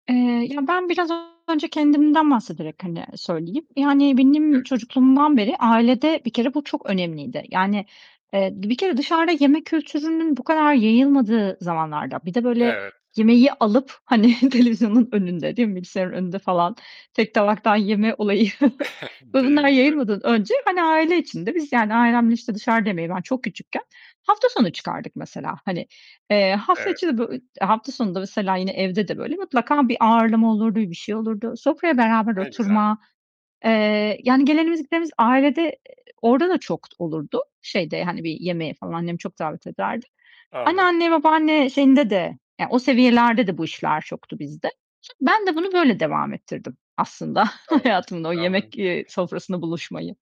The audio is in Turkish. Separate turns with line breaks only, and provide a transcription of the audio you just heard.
Eee, ya, ben biraz önce kendimden bahsederek, hani, söyleyeyim. Yani
Hı.
benim çocukluğumdan beri ailede bir kere bu çok önemliydi, yani, eee, bir kere dışarıda yeme kültürünün bu kadar yayılmadığı zamanlarda, bir de böyle
Evet.
yemeği alıp, hani, televizyonun önünde, değil mi, bilgisayarın önünde falan tek tabaktan yeme olayı ve
Değil
bunlar
mi? Evet.
yayılmadan önce, hani, aile içinde biz yani ailemle, işte, dışarıda yemeyi ben çok küçükken hafta sonu çıkardık mesela. Hani, eee, hafta
Evet.
içi de bö e hafta sonu da mesela yine evde de, böyle, mutlaka bir ağırlama olurdu, bir şey olurdu. Sofraya beraber
Ne güzel.
oturma, eee, yani gelenimiz gidenimiz ailede, eee, orada da çok olurdu şeyde, hani, bir yemeğe falan annem çok davet ederdi.
Anladım.
Anneanne, babaanne şeyinde de yani o seviyelerde de bu işler çoktu bizde. Son ben de bunu böyle devam ettirdim aslında
Doğru,
hayatımda o
anladım.
yemek, eee, sofrasında buluşmayı.